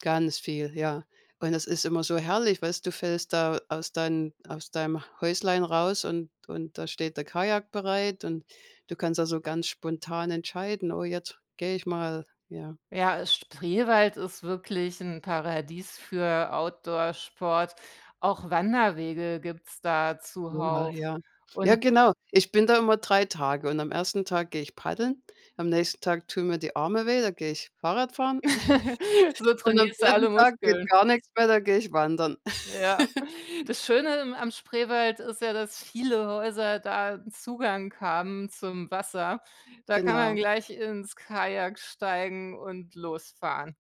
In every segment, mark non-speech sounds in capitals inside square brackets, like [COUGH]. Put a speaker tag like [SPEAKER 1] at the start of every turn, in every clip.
[SPEAKER 1] Ganz viel, ja. Und es ist immer so herrlich, weißt, du fällst da aus deinen aus deinem Häuslein raus und und da steht der Kajak bereit und du kannst, also, ganz spontan entscheiden: „Oh, jetzt gehe ich mal,“ ja.
[SPEAKER 2] Ja, äh, Spreewald ist wirklich 'n Paradies für Outdoor-Sport. Auch Wanderwege gibt's da
[SPEAKER 1] Oha,
[SPEAKER 2] zuhauf.
[SPEAKER 1] ja, ja,
[SPEAKER 2] Und
[SPEAKER 1] genau. Ich bin da immer 3 Tage und am 1. Tag gehe ich paddeln, am nächsten Tag tun mir die Arme weh, da gehe ich Fahrrad fahren
[SPEAKER 2] [LAUGHS]
[SPEAKER 1] [GIGGLES]
[SPEAKER 2] So
[SPEAKER 1] und am
[SPEAKER 2] trainierst du
[SPEAKER 1] 3.
[SPEAKER 2] alle
[SPEAKER 1] Tag geht
[SPEAKER 2] Muskeln.
[SPEAKER 1] gar nichts mehr, da gehe ich wandern.
[SPEAKER 2] Ja,
[SPEAKER 1] [GIGGLES]
[SPEAKER 2] das Schöne, ähm, am Spreewald ist ja, dass viele Häuser da 'n Zugang haben zum Wasser. Da kann man
[SPEAKER 1] Genau.
[SPEAKER 2] gleich ins Kajak steigen und losfahren.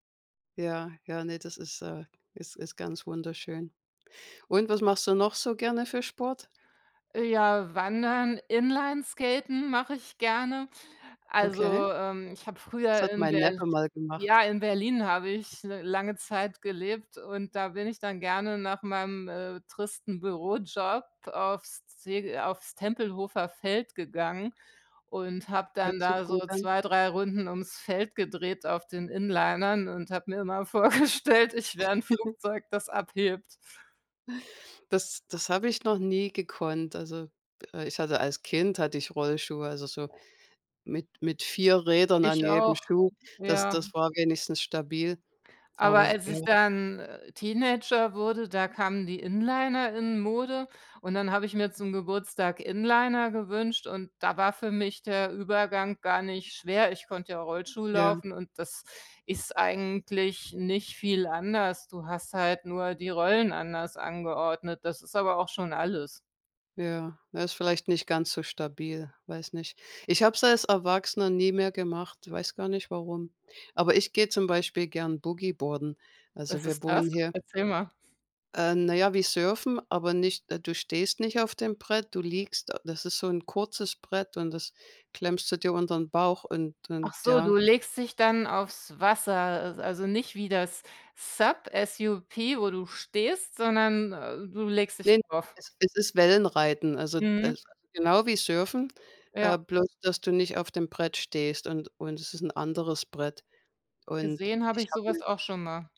[SPEAKER 1] Ja, ja, ne, das ist äh, es ist ganz wunderschön. Und was machst du noch so gerne für Sport?
[SPEAKER 2] Äh, ja, Wandern, Inlineskaten mache ich gerne.
[SPEAKER 1] Okay.
[SPEAKER 2] Also, ähm, ich habe
[SPEAKER 1] Das
[SPEAKER 2] früher
[SPEAKER 1] hat
[SPEAKER 2] in
[SPEAKER 1] mein
[SPEAKER 2] Berl
[SPEAKER 1] Neffe mal gemacht.
[SPEAKER 2] ja, in Berlin habe ich l lange Zeit gelebt und da bin ich dann gerne nach meinem, äh, tristen Bürojob aufs Ze aufs Tempelhofer Feld gegangen und habe
[SPEAKER 1] Hört
[SPEAKER 2] dann
[SPEAKER 1] sich
[SPEAKER 2] da so
[SPEAKER 1] gut an.
[SPEAKER 2] 2, 3 Runden ums Feld gedreht auf den Inlinern und habe mir immer vorgestellt, ich wär 'n
[SPEAKER 1] [CHUCKLES]
[SPEAKER 2] Flugzeug, das abhebt.
[SPEAKER 1] Das das habe ich noch nie gekonnt. Also, äh, ich hatte als Kind hatte ich Rollschuhe, also, so mit mit 4 Rädern an
[SPEAKER 2] Ich
[SPEAKER 1] jedem
[SPEAKER 2] auch,
[SPEAKER 1] Schuh. Das
[SPEAKER 2] ja.
[SPEAKER 1] das war wenigstens stabil.
[SPEAKER 2] Aber
[SPEAKER 1] Aber s
[SPEAKER 2] als
[SPEAKER 1] ja.
[SPEAKER 2] ich dann, äh, Teenager wurde, da kamen die Inliner in Mode und dann habe ich mir zum Geburtstag Inliner gewünscht und da war für mich der Übergang gar nicht schwer. Ich konnte ja Rollschuhe
[SPEAKER 1] Ja.
[SPEAKER 2] laufen und das ist eigentlich nicht viel anders. Du hast halt nur die Rollen anders angeordnet, das ist aber auch schon alles.
[SPEAKER 1] Ja, äh, ist vielleicht nicht ganz so stabil, weiß nicht. Ich habe es als Erwachsener nie mehr gemacht, weiß gar nicht warum. Aber ich gehe zum Beispiel gern Boogieboarden. Also,
[SPEAKER 2] Was
[SPEAKER 1] wir
[SPEAKER 2] ist
[SPEAKER 1] wohnen
[SPEAKER 2] das?
[SPEAKER 1] hier
[SPEAKER 2] Erzähl mal.
[SPEAKER 1] Äh, na ja, wie surfen, aber nicht äh, du stehst nicht auf dem Brett. Du liegst das ist so 'n kurzes Brett und das klemmst du dir unter ’n Bauch und
[SPEAKER 2] Ach
[SPEAKER 1] und
[SPEAKER 2] so,
[SPEAKER 1] ja.
[SPEAKER 2] du legst dich dann aufs Wasser, al also, nicht wie das SUP, S-U-P, wo du stehst, sondern, äh, du legst dich
[SPEAKER 1] Ne,
[SPEAKER 2] drauf.
[SPEAKER 1] es es ist Wellenreiten, also,
[SPEAKER 2] Mhm.
[SPEAKER 1] es genau wie Surfen, äh,
[SPEAKER 2] Ja.
[SPEAKER 1] bloß dass du nicht auf dem Brett stehst und und es ist 'n anderes Brett. Und
[SPEAKER 2] Gesehen habe
[SPEAKER 1] ich
[SPEAKER 2] ich
[SPEAKER 1] habe ’ne
[SPEAKER 2] sowas auch schon mal.